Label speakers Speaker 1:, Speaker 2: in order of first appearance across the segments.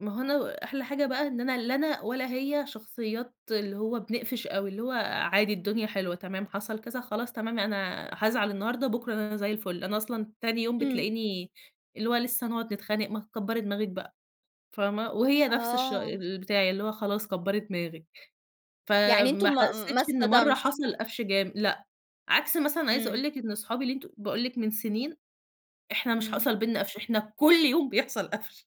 Speaker 1: ما هو أنا أحلى حاجة بقى إن أنا لا أنا ولا هي شخصيات اللي هو بنقفش أوي، اللي هو عادي، الدنيا حلوة، تمام، حصل كذا خلاص تمام أنا حازعل النهارده، بُكرة أنا زي الفُل، أنا أصلًا تاني يوم
Speaker 2: إمم.
Speaker 1: بتلاقيني اللي هو لسه هنقعد نتخانق، ما تكبري دماغك بقى، فاهمة؟ وهي نفس الش
Speaker 2: آه.
Speaker 1: البتاع اللي هو خلاص كبري دماغك.
Speaker 2: يعني أنتم
Speaker 1: فما
Speaker 2: ما ما
Speaker 1: حسيتش إن مرة
Speaker 2: اصطدمش؟
Speaker 1: حصل قفش جام لأ، عكس مثلًا عايزة أقول
Speaker 2: إمم.
Speaker 1: لِك إن أصحابي اللي أنت باقول لِك من سنين، إحنا مش
Speaker 2: إمم.
Speaker 1: حصل بيننا قفش، إحنا كُلّ يوم بيحصل قفش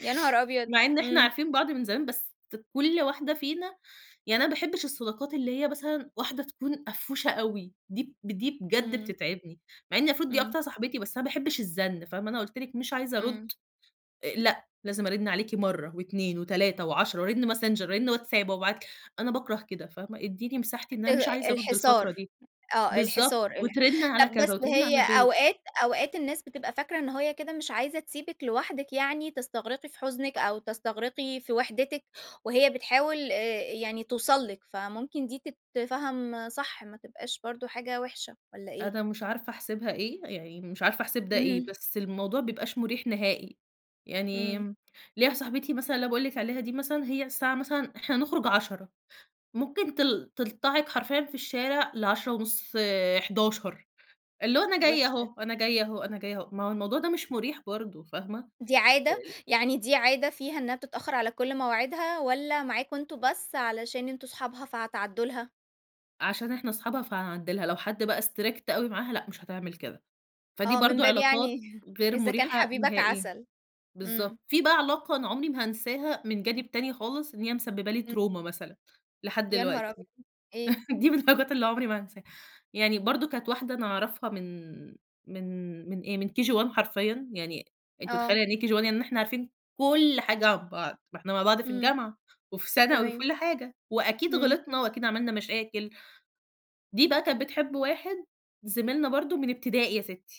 Speaker 2: يا نهار أبيض!
Speaker 1: مع إن إحنا
Speaker 2: إمم.
Speaker 1: عارفين بعض من زمان، بس ت كُلّ واحدة فينا يعني أنا ما باحبش الصداقات اللي هي مثلًا، واحدة تكون قفوشة أوي، دي ب دي بجد
Speaker 2: إمم.
Speaker 1: بتتعبني، مع إن مفروض دي
Speaker 2: إمم.
Speaker 1: أكتر صاحبتي، بس أنا ما باحبش الزن فاهمة، أنا قُلت لِك مش
Speaker 2: إ
Speaker 1: عايزة أرُد
Speaker 2: إمم.
Speaker 1: آآ لأ، لازم أرن عليكِ مرة و2 و3 و10 وأرن Messenger، وأرن WhatsApp، وأبعت ل أنا باكره كده، فاهمة، اديني مساحتي إن أنا مش
Speaker 2: آآ
Speaker 1: عايزة أرُد الفترة
Speaker 2: الحصار،
Speaker 1: دي.
Speaker 2: آه،
Speaker 1: بالضبط،
Speaker 2: الحصار الح
Speaker 1: وترن على
Speaker 2: طب
Speaker 1: كذا
Speaker 2: بس
Speaker 1: وترن على
Speaker 2: هي
Speaker 1: البيت
Speaker 2: أوقات أوقات الناس بتبقى فاكرة إن هي كده مش عايزة تسيبك لوحدِك يعني، تستغرقي في حزنِك أو تستغرقي في وحدتِك، وهي بتحاول، آآ يعني توصل لكِ، فممكن دي تتفهم صح، ما تبقاش برضه حاجة وحشة والَّا إيه؟
Speaker 1: أنا مش عارفة أحسبها إيه، يعني مش عارفة أحسب ده إيه،
Speaker 2: امم.
Speaker 1: بس الموضوع ما بيبقاش مُريح نهائي. يعني
Speaker 2: إمم.
Speaker 1: ليَّ واحدة صاحبتي مثلًا اللي أنا باقول لكِ عليها دي مثلًا، هي الساعة مثلًا، إحنا هنخرج 10:00 ممكن تل تلطعك حرفيًا في الشارع ل10:30، 11:00، اللي هو أنا جاية
Speaker 2: وحشة.
Speaker 1: أهو، أنا جاية أهو، أنا جاية أهو. ما هو الموضوع ده مش مُريح برضه، فاهمة.
Speaker 2: دي
Speaker 1: أ
Speaker 2: عادة،
Speaker 1: ال
Speaker 2: يعني دي عادة فيها إنها بتتأخر على كل مواعيدها؟ والَّا معاكم أنتم بس، علشان أنتم أصحابها فهتعدوا لها؟
Speaker 1: عشان إحنا أصحابها فهنعدي لها، لو حد بقى Strict أوي معاها، لأ، مش هتعمل كده. فدي
Speaker 2: آه، من
Speaker 1: برضه
Speaker 2: باب
Speaker 1: علاقات
Speaker 2: يعني
Speaker 1: غير
Speaker 2: إذا كان
Speaker 1: مريحة
Speaker 2: حبيبك
Speaker 1: نهائيًا،
Speaker 2: عسل.
Speaker 1: بالضبط.
Speaker 2: إمم.
Speaker 1: في بقى علاقة أنا عمري ما هانساها من جانب تاني خالص، إن هي مسببة لي
Speaker 2: إمم.
Speaker 1: تروما مثلًا، لحد
Speaker 2: يا نهار
Speaker 1: دلوقتي
Speaker 2: أبيض! [unintelligible] إيه؟
Speaker 1: دي من الحاجات اللي عمري ما هانساها. يعني برضه كانت واحدة أنا أعرفها من من من إيه، من KG 1 حرفيًا، يعني أنتِ مُتخيلة
Speaker 2: آه.
Speaker 1: يعني إيه KG 1، يعني إحنا عارفين كُلّ حاجة عن بعض، ما إحنا مع بعض في
Speaker 2: إمم،
Speaker 1: الجامعة، وفي ثانوي، وفي
Speaker 2: تمام.
Speaker 1: كُلّ حاجة، وأكيد
Speaker 2: إمم.
Speaker 1: غلطنا وأكيد عملنا مشاكل. دي بقى كانت بتحب واحد زميلنا برضه، من ابتدائي يا ستي.